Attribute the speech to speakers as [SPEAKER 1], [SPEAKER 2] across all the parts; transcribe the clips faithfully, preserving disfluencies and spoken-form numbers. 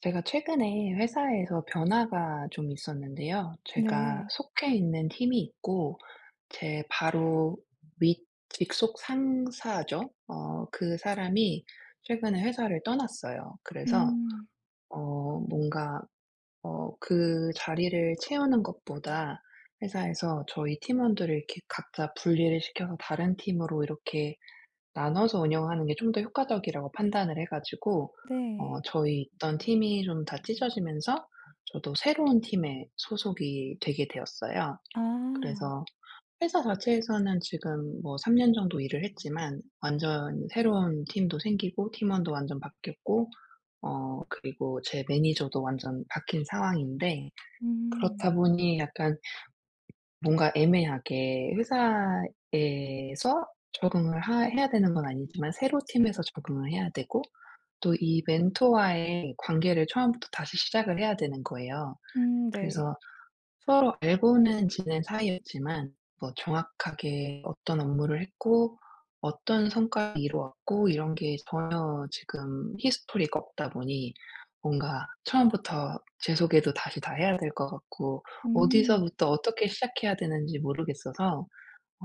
[SPEAKER 1] 제가 최근에 회사에서 변화가 좀 있었는데요. 제가
[SPEAKER 2] 네.
[SPEAKER 1] 속해 있는 팀이 있고 제 바로 윗 직속 상사죠. 어 그 사람이 최근에 회사를 떠났어요. 그래서
[SPEAKER 2] 음.
[SPEAKER 1] 어 뭔가 어 그 자리를 채우는 것보다 회사에서 저희 팀원들을 이렇게 각자 분리를 시켜서 다른 팀으로 이렇게 나눠서 운영하는 게 좀 더 효과적이라고 판단을 해 가지고
[SPEAKER 2] 네.
[SPEAKER 1] 어 저희 있던 팀이 좀 다 찢어지면서 저도 새로운 팀에 소속이 되게 되었어요.
[SPEAKER 2] 아.
[SPEAKER 1] 그래서 회사 자체에서는 지금 뭐 삼 년 정도 일을 했지만 완전히 새로운 팀도 생기고 팀원도 완전 바뀌었고 어 그리고 제 매니저도 완전 바뀐 상황인데
[SPEAKER 2] 음.
[SPEAKER 1] 그렇다 보니 약간 뭔가 애매하게 회사에서 적응을 하 해야 되는 건 아니지만 새로 팀에서 적응을 해야 되고, 또 이 멘토와의 관계를 처음부터 다시 시작을 해야 되는 거예요.
[SPEAKER 2] 음 네.
[SPEAKER 1] 그래서 서로 알고는 지낸 사이였지만 뭐 정확하게 어떤 업무를 했고 어떤 성과를 이루었고 이런 게 전혀 지금 히스토리가 없다 보니 뭔가 처음부터 제 소개도 다시 다 해야 될 것 같고
[SPEAKER 2] 음.
[SPEAKER 1] 어디서부터 어떻게 시작해야 되는지 모르겠어서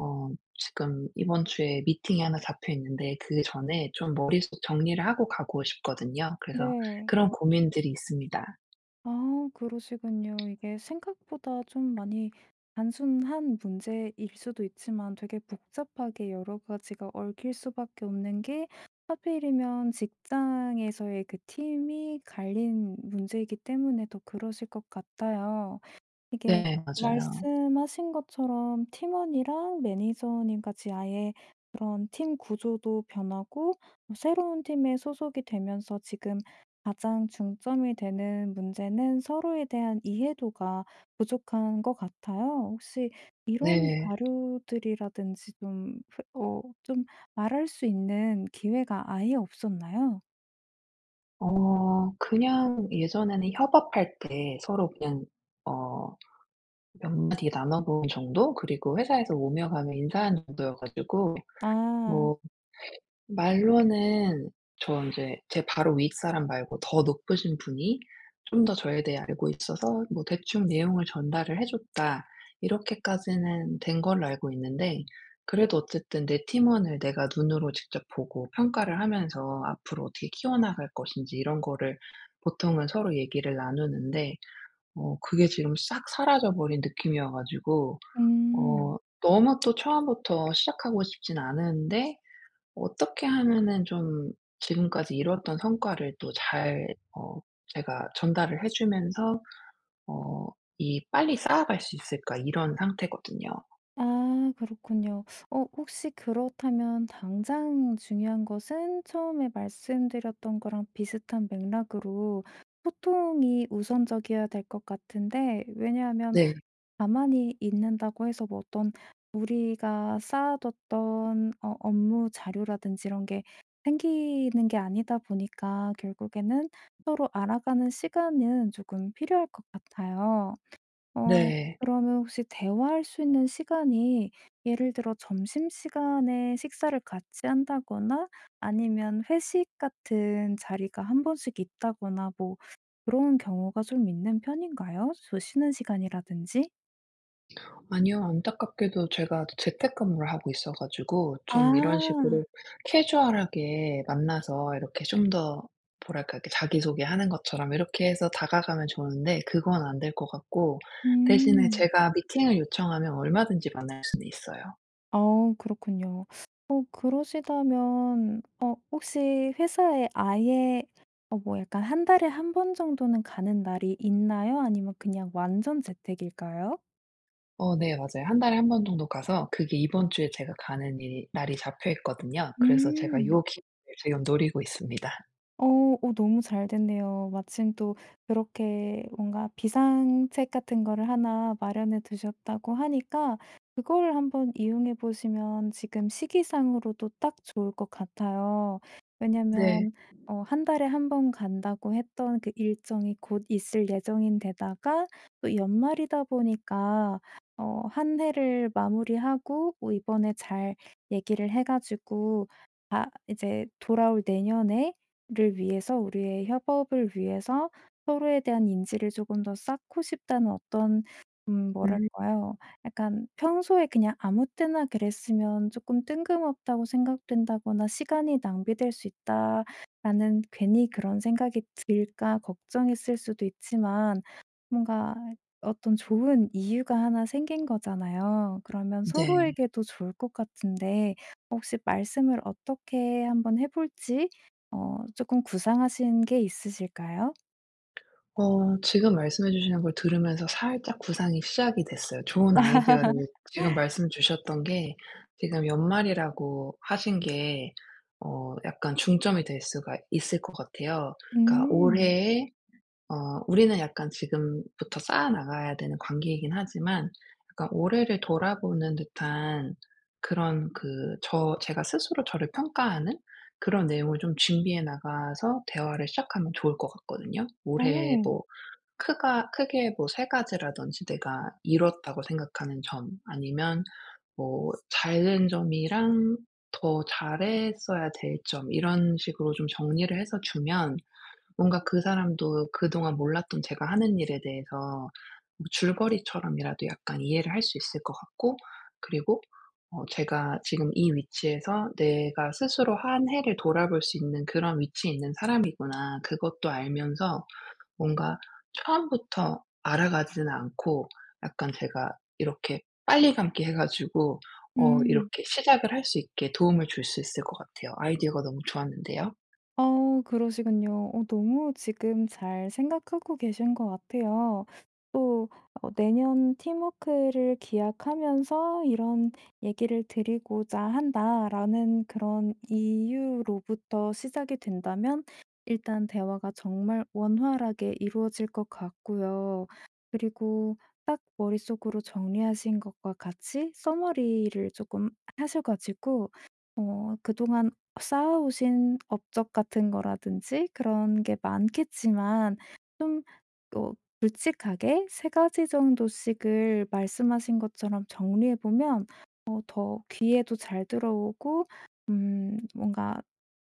[SPEAKER 1] 어 지금 이번 주에 미팅이 하나 잡혀 있는데 그전에 좀 머릿속 정리를 하고 가고 싶거든요. 그래서
[SPEAKER 2] 네.
[SPEAKER 1] 그런 고민들이 있습니다.
[SPEAKER 2] 아 그러시군요. 이게 생각보다 좀 많이 단순한 문제일 수도 있지만 되게 복잡하게 여러 가지가 얽힐 수밖에 없는 게 하필이면 직장에서의 그 팀이 갈린 문제이기 때문에 더 그러실 것 같아요. 이게
[SPEAKER 1] 네 맞아요.
[SPEAKER 2] 말씀하신 것처럼 팀원이랑 매니저님까지 아예 그런 팀 구조도 변하고 뭐 새로운 팀에 소속이 되면서 지금 가장 중점이 되는 문제는 서로에 대한 이해도가 부족한 거 같아요. 혹시 이런
[SPEAKER 1] 네.
[SPEAKER 2] 자료들이라든지 좀 그 어 좀 말할 수 있는 기회가 아예 없었나요?
[SPEAKER 1] 어. 그냥 예전에는 협업할 때 서로 그냥 어 몇 마디 나눠본 정도? 그리고 회사에서 오며 가며 인사한 정도여 가지고.
[SPEAKER 2] 아.
[SPEAKER 1] 뭐 말로는 저 인제 '제 바로 윗사람 말고 더 높으신 분이 좀 더 저에 대해 알고 있어서 뭐 대충 내용을 전달을 해 줬다.' 이렇게까지는 된 걸로 알고 있는데. 그래도 어쨌든 내 팀원을 내가 눈으로 직접 보고 평가를 하면서 앞으로 어떻게 키워나갈 것인지 이런 거를 보통은 서로 얘기를 나누는데 어 그게 지금 싹 사라져 버린 느낌 이어 가지고 어
[SPEAKER 2] 음.
[SPEAKER 1] 너무 또 처음부터 시작하고 싶진 않은데 '어떻게 하면은 좀 지금까지 이뤘던 성과를 또 잘 어 제가 전달을 해 주면서 어 이 빨리 쌓아갈 수 있을까.' 이런 상태거든요.
[SPEAKER 2] 아 그렇군요. 어 혹시 그렇다면 당장 중요한 것은 처음에 말씀드렸던 거랑 비슷한 맥락으로 소통이 우선적이어야 될 것 같은데 왜냐하면
[SPEAKER 1] 네.
[SPEAKER 2] 가만히 있는다고 해서 뭐 어떤 우리가 쌓아뒀던 어 업무 자료라든지 이런 게 생기는 게 아니다 보니까 결국에는 서로 알아가는 시간은 조금 필요할 것 같아요. 어
[SPEAKER 1] 네.
[SPEAKER 2] 그러면 혹시 대화할 수 있는 시간이 예를 들어 점심시간에 식사를 같이 한다거나 아니면 회식 같은 자리가 한 번씩 있다거나 뭐 그런 경우가 좀 있는 편인가요? 저 쉬는 시간이라든지?
[SPEAKER 1] 아니요. 안타깝게도 제가 저 재택근무를 하고 있어 가지고 좀 이런
[SPEAKER 2] 아.
[SPEAKER 1] 식으로 캐주얼하게 만나서 이렇게 좀 더 뭐랄까 이렇게 자기소개하는 것처럼 이렇게 해서 다가가면 좋은데 그건 안 될 것 같고 대신에
[SPEAKER 2] 음.
[SPEAKER 1] 제가 미팅을 요청하면 얼마든지 만날 수는 있어요.
[SPEAKER 2] 어 그렇군요. 어 그러시다면 어 혹시 회사에 아예 어 뭐 약간 한 달에 한 번 정도는 가는 날이 있나요? 아니면 그냥 완전 재택일까요?
[SPEAKER 1] 어 네 맞아요. 한 달에 한 번 정도 가서 그게 이번 주에 제가 가는 일이 날이 잡혀 있거든요. 그래서 제가
[SPEAKER 2] 음.
[SPEAKER 1] 요 기회를 지금 노리고 있습니다.
[SPEAKER 2] 어 어 너무 잘 됐네요. 마침 또 이렇게 뭔가 비상책 같은 거를 하나 마련해 두셨다고 하니까 그거를 한번 이용해 보시면 지금 시기상으로도 딱 좋을 것 같아요.
[SPEAKER 1] 네.
[SPEAKER 2] 왜냐면 어 한 달에 한 번 간다고 했던 그 일정이 곧 있을 예정인 데다가 또 연말이다 보니까 어 한 해를 마무리하고 뭐 이번에 잘 얘기를 해 가지고 아 이제 돌아올 내년에 를 위해서 우리의 협업을 위해서 서로에 대한 인지를 쪼금 더 쌓고 싶다는 어떤 음
[SPEAKER 1] 음.
[SPEAKER 2] 뭐랄까요? 약간 평소에 그냥 아무 때나 그랬으면 쪼끔 뜬금없다고 생각된다거나 '시간이 낭비될 수 있다.'라는 괜히 그런 생각이 들까 걱정했을 수도 있지만 뭔가 어떤 좋은 이유가 하나 생긴 거잖아요. 그러면
[SPEAKER 1] 네.
[SPEAKER 2] 서로에게도 좋을 것 같은데 혹시 말씀을 어떻게 한번 해 볼지 어 쪼끔 구상하신 게 있으실까요?
[SPEAKER 1] 어. 지금 말씀해 주시는 걸 들으면서 살짝 구상이 시작이 됐어요. 좋은 아이디어를 지금 말씀해 주셨던 게 지금 연말이라고 하신 게 어 약간 중점이 될 수가 있을 것 같아요. 그러니까
[SPEAKER 2] 음.
[SPEAKER 1] 올해에 어 우리는 약간 지금부터 쌓아나가야 되는 관계이긴 하지만 그러니까 올해를 돌아보는 듯한 그런 그 저 제가 스스로 저를 평가하는 그런 내용을 좀 준비해 나가서 대화를 시작하면 좋을 것 같거든요. 올해
[SPEAKER 2] 어.
[SPEAKER 1] 뭐 크가 크게 뭐 세 가지라든지 내가 이루었다고 생각하는 점 아니면 뭐 잘된 점이랑 더 잘했어야 될 점 이런 식으로 좀 정리를 해서 주면 뭔가 그 사람도 그동안 몰랐던 제가 하는 일에 대해서 뭐 줄거리처럼이라도 약간 이해를 할 수 있을 것 같고 그리고 어 제가 지금 이 위치에서 '내가 스스로 한 해를 돌아볼 수 있는 그런 위치에 있는 사람이구나.' 그것도 알면서 뭔가 처음부터 알아가지는 않고 약간 제가 이렇게 빨리 감기 해 가지고 어
[SPEAKER 2] 음.
[SPEAKER 1] 이렇게 시작을 할 수 있게 도움을 줄 수 있을 것 같아요. 아이디어가 너무 좋았는데요?
[SPEAKER 2] 어 그러시군요. 어 너무 지금 잘 생각하고 계신 것 같아요. 또 어 '내년 팀워크를 기약하면서 이런 얘기를 드리고자 한다.'라는 그런 이유로부터 시작이 된다면 일단 대화가 정말 원활하게 이루어질 것 같고요. 그리고 딱 머릿속으로 정리하신 것과 같이 summary를 쪼끔 하셔 가지고 어 그동안 쌓아오신 업적 같은 거라든지 그런 게 많겠지만 좀 어 굵직하게 세 가지 정도씩을 말씀하신 것처럼 정리해 보면 어 더 귀에도 잘 들어오고 음 뭔가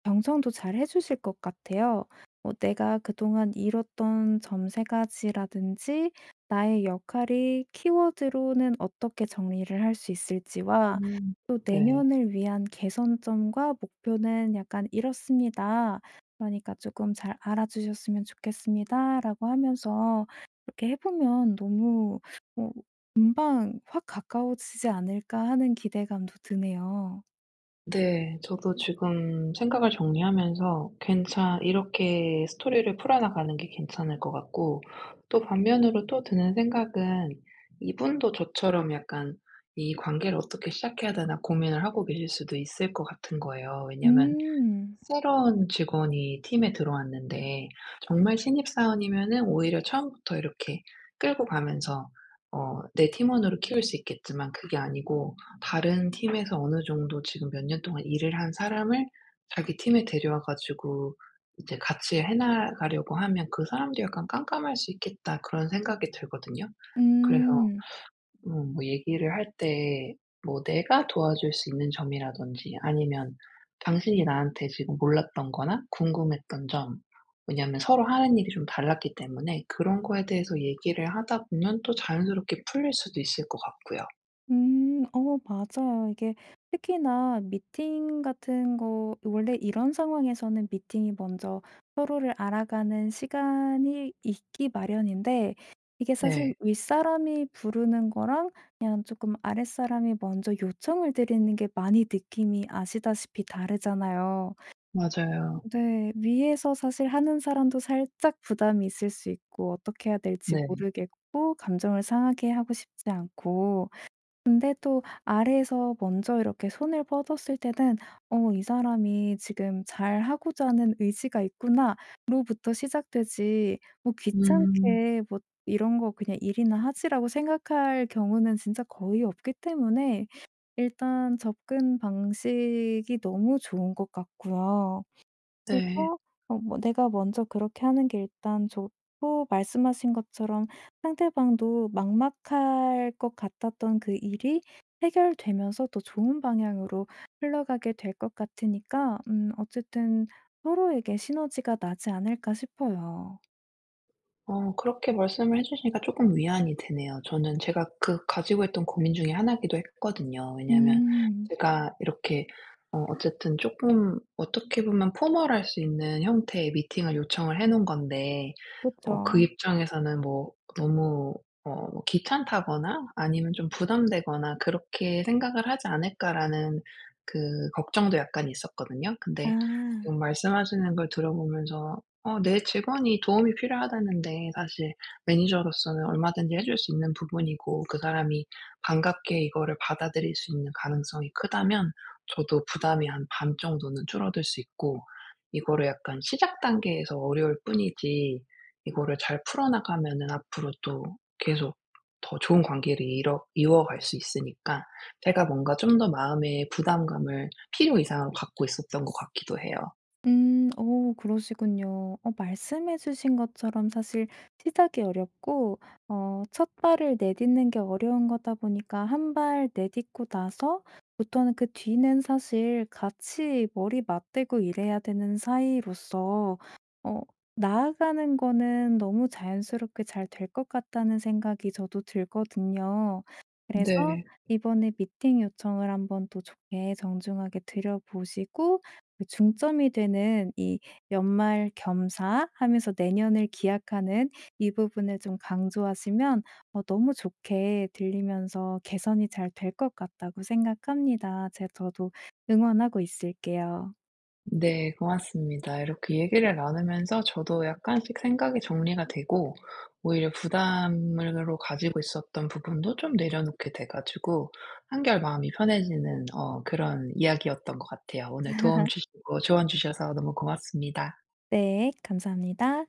[SPEAKER 2] 경청도 잘해주실 것 같아요. 뭐 내가 그동안 이뤘던 점 세 가지라든지 나의 역할이 키워드로는 어떻게 정리를 할 수 있을지와
[SPEAKER 1] 음
[SPEAKER 2] 또
[SPEAKER 1] 네.
[SPEAKER 2] '내년을 위한 개선점과 목표는 약간 이렇습니다. 그러니까 쪼끔잘 알아주셨으면 좋겠습니다.'라고 하면서 이렇게 해보면 너무 어 금방 확 가까워지지 않을까 하는 기대감도 드네요.
[SPEAKER 1] 네. 저도 지금 생각을 정리하면서 괜찮 이렇게 스토리를 풀어나가는 게 괜찮을 것 같고 또 반면으로 또 드는 생각은 이분도 저처럼 약간 '이 관계를 어떻게 시작해야 되나.' 고민을 하고 계실 수도 있을 것 같은 거예요. 왜냐면
[SPEAKER 2] 음.
[SPEAKER 1] 새로운 직원이 팀에 들어왔는데 정말 신입사원이면은 오히려 처음부터 이렇게 끌고 가면서 어 내 팀원으로 키울 수 있겠지만 그게 아니고 다른 팀에서 어느 정도 지금 몇 년 동안 일을 한 사람을 자기 팀에 데려와 가지고 이제 같이 해나가려고 하면 '그 사람도 약간 깜깜할 수 있겠다.' 그런 생각이 들거든요. 그래서
[SPEAKER 2] 음.
[SPEAKER 1] 음 뭐 얘기를 할 때 뭐 내가 도와줄 수 있는 점이라든지 아니면 당신이 나한테 지금 몰랐던 거나 궁금했던 점 왜냐면 서로 하는 일이 좀 달랐기 때문에 그런 거에 대해서 얘기를 하다 보면 또 자연스럽게 풀릴 수도 있을 것 같고요.
[SPEAKER 2] 음. 어 맞아요. 이게 특히나 미팅 같은 거 원래 이런 상황에서는 미팅이 먼저 서로를 알아가는 시간이 있기 마련인데 이게 사실
[SPEAKER 1] 네.
[SPEAKER 2] 윗사람이 부르는 거랑 그냥 쪼끔 아랫사람이 먼저 요청을 드리는 게 많이 느낌이 아시다시피 다르잖아요.
[SPEAKER 1] 맞아요.
[SPEAKER 2] 네. 위에서 사실 하는 사람도 살짝 부담이 있을 수 있고 어떻게 해야 될지
[SPEAKER 1] 네.
[SPEAKER 2] 모르겠고 감정을 상하게 하고 싶지 않고 근데 또 아래에서 먼저 이렇게 손을 뻗었을 때는 '어 이 사람이 지금 잘하고자 하는 의지가 있구나.'로부터 시작되지 뭐
[SPEAKER 1] 음.
[SPEAKER 2] '귀찮게 뭐 이런 거 그냥 일이나 하지.'라고 생각할 경우는 진짜 거의 없기 때문에 일단 접근 방식이 너무 좋은 것 같고요.
[SPEAKER 1] 네.
[SPEAKER 2] 그리고 어 뭐 내가 먼저 그렇게 하는 게 일단 좋고 말씀하신 것처럼 상대방도 막막할 것 같았던 그 일이 해결되면서 더 좋은 방향으로 흘러가게 될 것 같으니까 음 어쨌든 서로에게 시너지가 나지 않을까 싶어요.
[SPEAKER 1] 어 그렇게 말씀을 해주시니까 쪼끔 위안이 되네요. 저는 제가 그 가지고 있던 고민 중에 하나 기도 했거든요. 왜냐면
[SPEAKER 2] 음.
[SPEAKER 1] 제가 이렇게 어 어쨌든 쪼끔 어떻게 보면 formal할 수 있는 형태의 미팅을 요청을 해 놓은 건데 어 그
[SPEAKER 2] 그쵸.
[SPEAKER 1] 입장에서는 뭐 너무 어 뭐 귀찮다거나 아니면 좀 부담되거나 '그렇게 생각을 하지 않을까.'라는 그 걱정도 약간 있었거든요. 근데
[SPEAKER 2] 아.
[SPEAKER 1] 지금 말씀하시는 걸 들어보면서 어 내 직원이 도움이 필요하다는데 사실 매니저로서는 얼마든지 해 줄 수 있는 부분이고 그 사람이 반갑게 이거를 받아들일 수 있는 가능성이 크다면 저도 부담이 한 반 정도는 줄어들 수 있고 이거를 약간 시작 단계에서 어려울 뿐이지 이거를 잘 풀어나가면은 앞으로 또 계속 더 좋은 관계를 이러 이어갈 수 있으니까 제가 뭔가 좀 더 마음에 부담감을 필요 이상으로 갖고 있었던 것 같기도 해요.
[SPEAKER 2] 음. 어 그러시군요. 어 말씀해 주신 것처럼 사실 시작이 어렵고 어 첫 발을 내딛는 게 어려운 거다 보니까 한발 내딛고 나서부터는 그 뒤는 사실 같이 머리 맞대고 일해야 되는 사이로서 어 나아가는 거는 너무 자연스럽게 잘 될 것 같다는 생각이 저도 들거든요 그래서
[SPEAKER 1] 네.
[SPEAKER 2] 이번에 미팅 요청을 한번 또 좋게 정중하게 드려보시고 그 중점이 되는 이 연말 겸사 하면서 내년을 기약하는 이 부분을 좀 강조하시면 어 너무 좋게 들리면서 개선이 잘 될 것 같다고 생각합니다. 제 저도 응원하고 있을게요.
[SPEAKER 1] 네 고맙습니다. 이렇게 얘기를 나누면서 저도 약간씩 생각이 정리가 되고 오히려 부담으로 가지고 있었던 부분도 좀 내려놓게 돼 가지고 한결 마음이 편해지는 어 그런 이야기였던 것 같아요. 오늘 도움 주시고 조언 주셔서 너무 고맙습니다.
[SPEAKER 2] 네. 감사합니다.